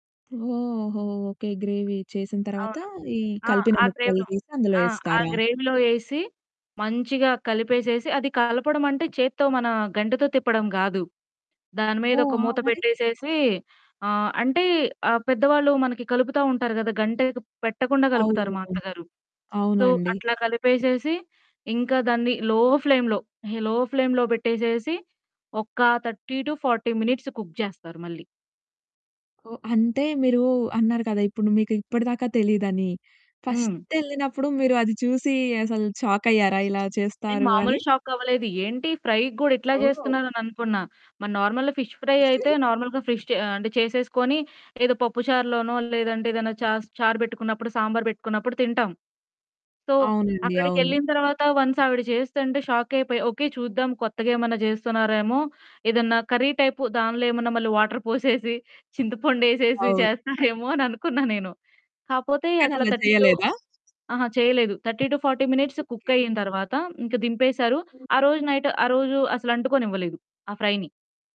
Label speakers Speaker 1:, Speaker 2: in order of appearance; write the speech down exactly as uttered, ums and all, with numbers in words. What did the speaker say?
Speaker 1: ఓహో! Okay. Gravy చేసిన తర్వాత
Speaker 2: అవును.
Speaker 1: ఈ
Speaker 2: ఆ!
Speaker 1: కలిపిన
Speaker 2: ఆ
Speaker 1: ముక్కలు
Speaker 2: గ్రేవ్‌లో.
Speaker 1: తీసి అందులో
Speaker 2: ఆ! ఆ
Speaker 1: ఏస్తారా?
Speaker 2: గ్రేవ్‌లో ఏసి మంచిగా కలిపేసేసి అది కలపడం అంటే చేత్తో మన గంటెతో తిప్పడం కాదు. దాని మీద
Speaker 1: ఓహ్!
Speaker 2: ఒక
Speaker 1: ఆ!
Speaker 2: మూత
Speaker 1: మరి?
Speaker 2: పెట్టేసేసి ఆహ్, అంటే ఆహ్, పెద్దవాళ్ళు మనకి కలుపుతా ఉంటారు కదా! గంటెకి పెట్టకుండా
Speaker 1: అవును.
Speaker 2: కలుపుతారు మా
Speaker 1: అవును
Speaker 2: అత్తగారు. సో
Speaker 1: అవునండి.
Speaker 2: అట్లా కలిపేసేసి, ఇంకా దాన్ని లో ఫ్లేమ్‌లో హె లో ఫ్లేమ్‌లో పెట్టేసేసి, ఒక thirty to forty minutes cook చేస్తారు మళ్ళీ.
Speaker 1: ఓహ్! అంటే మీరు అన్నారు కదా! ఇప్పుడు మీకు ఇప్పటి దాకా తెలీదని.
Speaker 2: హ్మ్.
Speaker 1: ఫస్ట్ ఎళ్ళినప్పుడు మీరు అది చూసి అసలు షాకయ్యారా? ఇలా
Speaker 2: నెను
Speaker 1: చేస్తారు
Speaker 2: మామూలు
Speaker 1: అని.
Speaker 2: షాక్ అవ్వలేదు. ఏంటి ఫ్రై‌క్కూడా ఇట్లా
Speaker 1: ఓహ్!
Speaker 2: చేస్తున్నారు అని అనుకున్నా. మరి నార్మల్ ఫిష్ ఫ్రై అయితే నార్మల్‌గా ఫిష్ చె ఆహ్, అంటే చేసేసుకుని ఏదో పప్పుచారులోనో లేదంటే ఏదైనా చాస్ చారు పెట్టుకున్నప్పుడు సాంబార్ పెట్టుకున్నప్పుడు తింటాం. సో
Speaker 1: అవునండి. అవును.
Speaker 2: అక్కడికెళ్ళిన తర్వాత వన్స్ ఆవిడ చేస్తుంటే షాక్ అయిపోయ. ఓకే. చూద్దాం కొత్తగా ఏమన్నా చేస్తున్నారేమో ఏదన్నా కర్రీ టైపు దానిలో ఏమన్న మళ్ళీ వాటర్ పోసేసి చింతపండు ఏసేసి
Speaker 1: అవును.
Speaker 2: చేస్తారేమో అని అనుకున్నా నేను. కాపోతే
Speaker 1: కాని
Speaker 2: అట్లా
Speaker 1: అలా
Speaker 2: థర్టీ టు
Speaker 1: చేయలేదా?
Speaker 2: అహా! చేయలేదు. Thirty to forty minutes
Speaker 1: okay.
Speaker 2: Cook అయింతర్వాత ఇంక దింపేశారు. ఆ రోజు నైట్ ఆ రోజు అసలు అంటుకోనివ్వలేదు ఆ ఫ్రై‌ని.